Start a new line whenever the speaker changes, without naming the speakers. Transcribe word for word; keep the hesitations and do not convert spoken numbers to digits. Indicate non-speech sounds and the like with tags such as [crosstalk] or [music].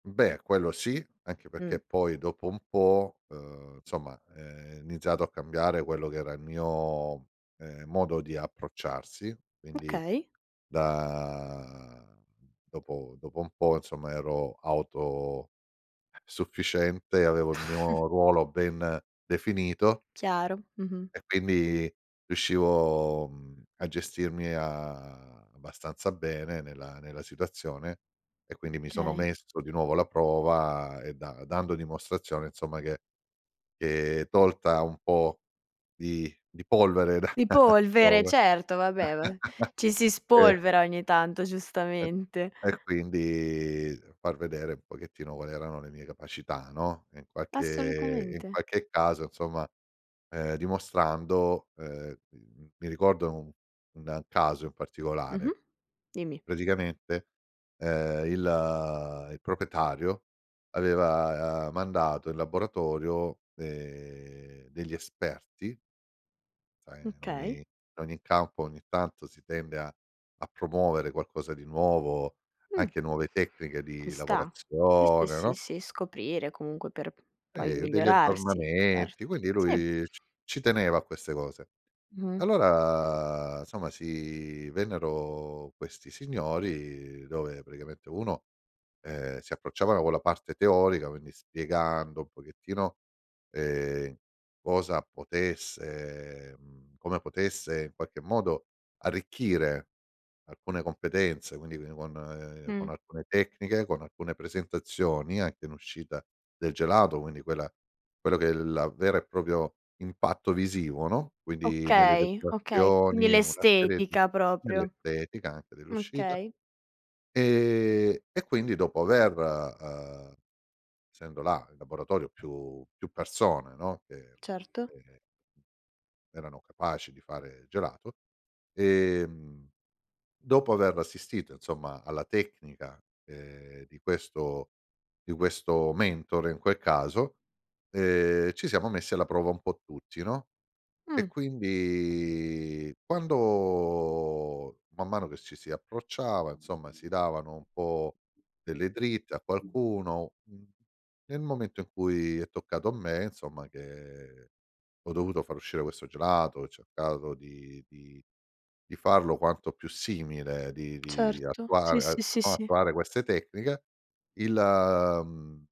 Beh, quello sì, anche pecché
Mh.
poi dopo un po', uhm, nsomma, uhm, è iniziato a cambiare quello che era il mio, uhm, modo di approcciarsi, quindi
Okay.
da dopo dopo un po', insomma, ero autosufficiente, avevo il
[chuckles]
mio ruolo ben definito
Chiaro. Mh-mh.
e quindi, riuscivo, mhmm, a gestirmi a abbastanza bene nella nella situazione, e
Mh.
quindi mi sono
kay.
messo di nuovo alla prova e da dando dimostrazione, insomma, che che tolta un po' di di polvere da
Di
[chuckles]
polvere, certo
[unintelligible]
vabbè, ma
[chuckles]
ci si
e
spolvera ogni tanto
E
giustamente.
e quindi far vedere un pochettino quali erano le mie capacità, no, in qualche in
Assolutamente.
qualche caso, insomma, uhm, dimostrando uhm, mhmm, mi ricordo un un caso in particolare.
Mh-mh. Dimmi.
Praticamente, uhm, il il propietario aveva, uhm, mandato in laboratorio, ehm, degli esperti Ehm, in ogni
Okay.
in ogni campo, ogni tanto, si tende a a promuovere qualcosa di nuovo,
Mh.
anche nuove tecniche
Ci
di
sta. Sì, sì,
lavorazione,
sì,
no?
sì. Scoprire comunque per p poi
E degli
migliorarsi.
aggiornamenti
Erto.
quindi
Sì.
lui c ci teneva a queste cose.
Mh-mh.
Allora, somma sì vennero questi signori dove praticamente uno, uhm, si approcciavano con la parte teorica. Quindi, spiegando un pochettino, ehm, cosa potesse mhmm, come potesse, in qualche modo, arricchire alcune competenze, quindi vi con con
Mh.
alcune tecniche, con alcune presentazioni, anche in uscita del gelato, quindi quella quello che è il la vera e propio impatto visivo, no, quindi nelle
Okay, okay. Quindi, l'
decorazioni, una serie di
estetica proprio.
nell'estetica anche dell'uscita.
Okay.
Ehm, e quindi dopo aver, uhm essendo là in laboratorio più più persone, no, che
Certo.
che erano capaci di fare gelato. Ehm, dopo aver assistito insomma alla tecnica, ehm, di questo di questo mentore in quel caso, ehm, ci siamo messi alla prova un po' tutti, no, e
Mh.
quindi quando, man mano che ci si approcciava, insomma, si davano un po' delle dritte a qualcuno, n nel momento in cui è toccato a me, insomma che ho dovuto far uscire questo gelato, ho cercato di di di farlo quanto più simile, di di
Certo. Sì, sì,
attuare [unintelligible]
sì, sì.
attuare queste tecniche, il, mhmm